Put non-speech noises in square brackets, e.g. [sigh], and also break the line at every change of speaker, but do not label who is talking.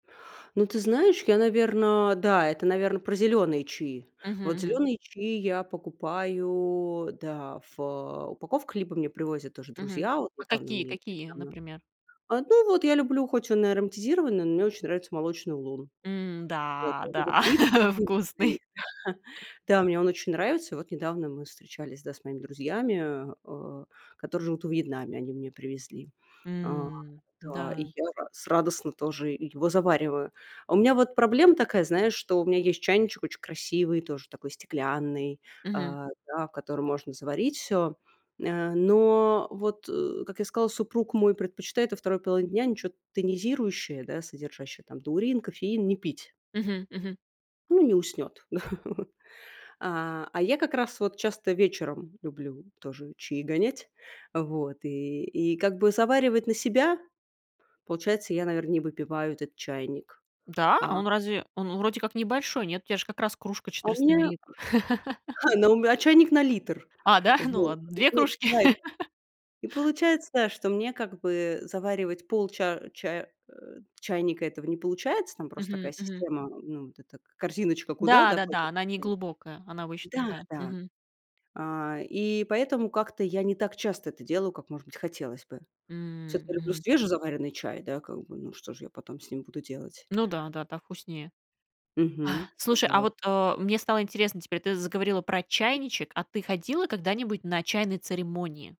Ну, ты знаешь, я, наверно, да, это, наверно, про зелёные чаи.
Мгм.
Вот
Мгм.
зелёные чаи я покупаю, да, в, а, упаковках, либо мне привозят тоже
Мгм,
друзья. Вот и
вот
там
такие,
мне
какие,
недавно
например?
А, ну вот, я люблю, хоть он и ароматизированный, но мне очень нравится молочный лун. Вот
М-да,
вот этот
да,
привкус,
[chuckles] вкусный.
[laughs] да, мне он очень нравится. И вот недавно мы встречались, да, с моими друзьями, а, э, которые живут во Вьетнаме. Они мне привезли. А,
М,
да, и
да.
я рад с радостно тоже и его завариваю. У меня вот проблема такая, знаешь, что у меня есть чайничек очень красивый, тоже такой стеклянный,
Мгм.
а, да, в котором можно заварить всё. Ня но вот, э, как я сказала, супруг мой предпочитает во 2 половине дня ничё тонизирующее, да, содержащее там таурин, кофеин, не пить.
Мгм. Мгм.
Он не уснет. Да. [laughs] А, а я как раз вот часто вечером люблю тоже чаи гонять. А вот и и как бы заваривать на себя? Получается, я, наверно, не выпиваю этот чайник,
Да?
а
А он разве, он, у вроде как небольшой, нет? У тя же как раз кружка
А у
четыреста
меня, [chuckles]
миллилитров. [laughs]
ха, на ум а, чайник на литр.
А, да? Ну
Вот.
ладно,
И
2 кружки.
получает
[laughs]
и получается, что мне как бы заваривать полча а, чая э, чайника этого не получается. Там просто такая
Мгм.
система, ну, м вот эта к корзиночка, куда, да,
Да-да-да,
кладете
она не
чай.
глубокая, она вообще
Да,
такая.
да.
Мгм.
А, и поэтому как-то я не так часто это делаю, как, может быть, хотелось бы.
М,
Всё-таки я люблю
мгм.
свежезаваренный чай, да, как бы, ну, что же я потом с ним буду делать?
Ну да, да, так вкуснее.
Мгм. А
Слушай, а
вот.
вот, э, мне стало интересно теперь, ты заговорила про
М-м.
чайничек. А ты ходила когда-нибудь на чайные церемонии?